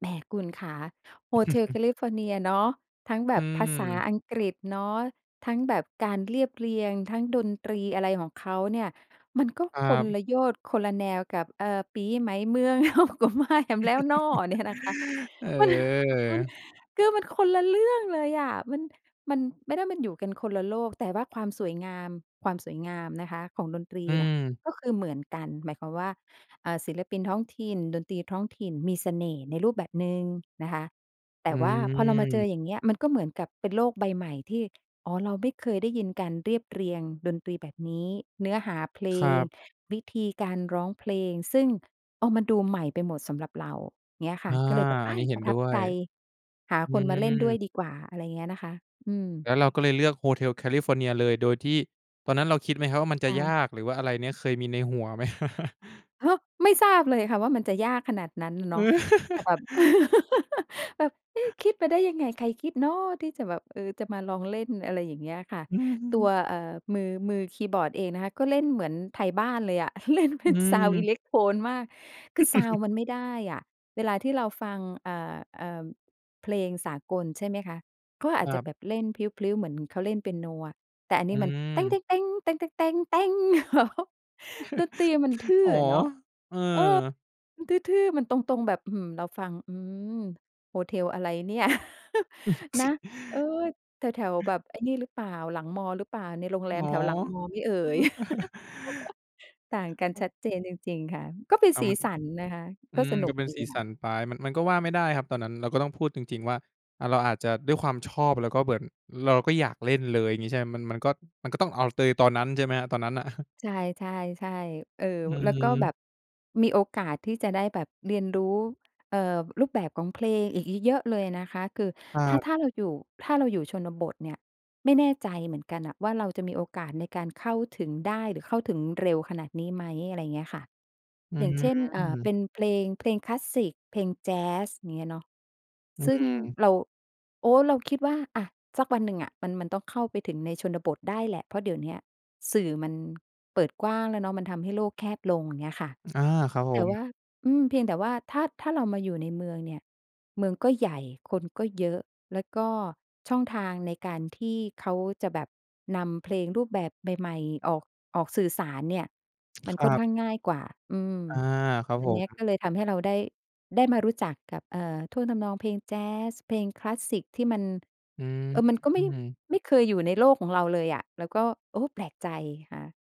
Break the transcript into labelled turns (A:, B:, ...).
A: แหมคุณขา Hotel California เนียเนาะ ทั้งแบ
B: อื
A: บภาษา
B: ม
A: อังกฤษเนาะ ทั้งแบบการเรียบเรียง ทั้งดนตรี อะไรของเขาเนี่ย มันก็
B: ครั
A: คน
B: บ
A: ละโยชน์คนละแนวกับ เออ ปี๋ใหม่เมือง เฮาก็มากันแล้วน้อ เนี่ยนะคะ มัน มัน
B: เออ
A: ก็มันคนละเรื่องเลยอะ มัน มัน ไม่ได้ มันอยู่กันคนละโลก แต่ว่าความสวยงาม ความสวยงามนะคะของดนตรี
B: อื
A: เนี่ย
B: ม
A: ก็คือเหมือนกัน หมายความว่า เอ่อ ศิลปินท้องถิ่น ดนตรีท้องถิ่นมีเสน่ห์ในรูปแบบหนึ่งนะคะ แต
B: อ
A: ่
B: ื
A: ว่าพอเรามาเจอ
B: ม
A: อย่างเงี้ย มันก็เหมือนกับเป็นโลกใบใหม่ที่ อ๋อ เราไม่เคยได้ยินการเรียบเรียงดนตรีแบบนี้ เนื้อหาเพล
B: ครั
A: ง
B: บ
A: วิธีการร้องเพลง ซึ่ง อ้าว มันดูใหม่ไปหมดสำหรับเรา เงี้ย
B: อ
A: ค่ะ
B: า
A: ก็เลยแบบ
B: อ
A: เฮ
B: ัน
A: ่
B: นี
A: ย
B: ้เห็
A: ป
B: น
A: ระท
B: ด้
A: ับ
B: ว
A: ใจ
B: ย
A: หา
B: อื
A: คนมาเล่นด้วย
B: ม
A: ดีกว่า อะไรอย่างเงี้ยนะคะ อื
B: แ
A: ม
B: ล้วเราก็เลยเลือก Hotel California เลยโดยที่ ตอนนั้นเราคิดไหมครับว่ามันจ
A: ใ
B: ะย
A: ช่
B: าก หรือว่าอะไรเนี้ยเคยมีในหัวไหม?
A: อ้าว ไม่ทราบเลยค่ะว่ามันจะยากขนาดนั้นเนาะ แต่แบบ แบบ "เอ๊ะ คิดมาได้ยังไง? ใครคิดเนาะ" ที่จะแบบ เออ จะมาลองเล่น อะไรอย่างเงี้ยค่ะ ตัว เอ่อ มือ มือคีย์บอร์ดเองนะคะ ก็เล่นเหมือนไทยบ้านเลยอะ เล่นเป
B: อ
A: ็น
B: ื
A: ซาวด์ อิ
B: ม
A: เล็กโทนมาก คือซาวด์มันไม่ได้อะ เวลาที่เราฟัง อ่า อ่า เพลงสากล ใช่ไหมคะ ก็อ
B: ค
A: าจ
B: ร
A: จ
B: ั
A: ะ
B: บ
A: แบบเล่นพลิ้ว ๆ เหมือนเขาเล่นเปียโนอะ แต่อัน
B: อ
A: น
B: ื
A: ี้มัน
B: ม
A: ดนตรีมันทื่
B: อ
A: อ
B: ๋อ
A: อะเนาะ
B: เออ
A: เออ มันทื่อ ๆ มันตรง ๆ แบบ อื้อฮือ เราฟัง อืม โฮเทลอะไรเนี่ย นะ เออ แถว ๆ แบบไอ้นี่รึเปล่า หลังมอรึเปล่า ในโรงแร
B: อ
A: ม
B: ๋อ
A: แถวหลังมอไหมเอ่ย ต่างกันชัดเจนจริง ๆ ค่ะ ก็เป็น
B: อา
A: สี
B: มัน
A: สันนะคะ
B: อื
A: ก็
B: ม
A: สนุ
B: ก็
A: ก
B: เป็น
A: ดี
B: สี
A: ค
B: ส
A: ่
B: ั
A: ะ
B: นไป มัน มันก็ว่าไม่ได้ครับตอนนั้น เราก็ต้องพูดจริง ๆ ว่า อา เราอาจจะด้วยความชอบแล้วก็เหมือน เราก็อยากเล่นเลย งี้ใช่ไหม มัน มันก็ มันก็ต้องเอาเตย ตอนนั้น ใช่ไหมครับ? ตอนนั้นน่ะ
A: ใช่ ๆ ๆ เออ
B: อ
A: แล้วก็แบ
B: ืม
A: บมีโอกาสที่จะได้แบบเรียนรู้ เอ่อ รูปแบบของเพลงอีกเยอะ ๆ เลยนะคะ คือ
B: ครั
A: ถ้า
B: บ
A: ถ้าเราอยู่ ถ้าเราอยู่ชนบทเนี่ย ไม่แน่ใจเหมือนกันอะว่าเราจะมีโอกาสในการเข้าถึงได้ หรือเข้าถึงเร็วขนาดนี้ไหม อะไรอย่างเงี้ยค่ะ
B: อื
A: อย่างเช่น เอ่อ เ
B: ม
A: ป็นเพลง เพลงคลาสสิก เพลงแจ๊ส อย่างเงี้ยเนาะ
B: อื
A: ซึ่ง
B: ม
A: เรา โอ้ เราคิดว่า อา สักวันหนึ่งอะมัน มันต้องเข้าไปถึงในชนบทได้แหละ เพราะเดี๋ยวนี้อะสื่อมันเปิดกว้างแล้วเนาะ มันทำให้โลกแคบลง อย่างเงี้ยค่ะ
B: อา ครับผ
A: แต่
B: ม
A: ว่า อืม เพียงแต่ว่าถ้า ถ้าเรามาอยู่ในเมืองเนี่ย เมืองก็ใหญ่ คนก็เยอะ แล้วก็ช่องทางในการที่เขาจะแบบนำเพลงรูปแบบใหม่ ๆ ออก ออกสื่อสารเนี่ย มันค
B: ค
A: ่
B: ร
A: อ
B: ั
A: น
B: บ
A: ข้างง่ายกว่า อืม
B: อา ครับ
A: อั
B: ผ
A: นนี้
B: ม
A: ก็เลยทำให้เราได้ ได้มารู้จักกับ เอ่อ ท่วงทำนองเพลงแจ๊ส เพลงคลาสสิคที่มัน
B: อื
A: เออ มันก็ไม่
B: ม
A: ไม่เคยอยู่ในโลกของเราเลยอะ แล้วก็ โอ้ แปลกใจค่ะ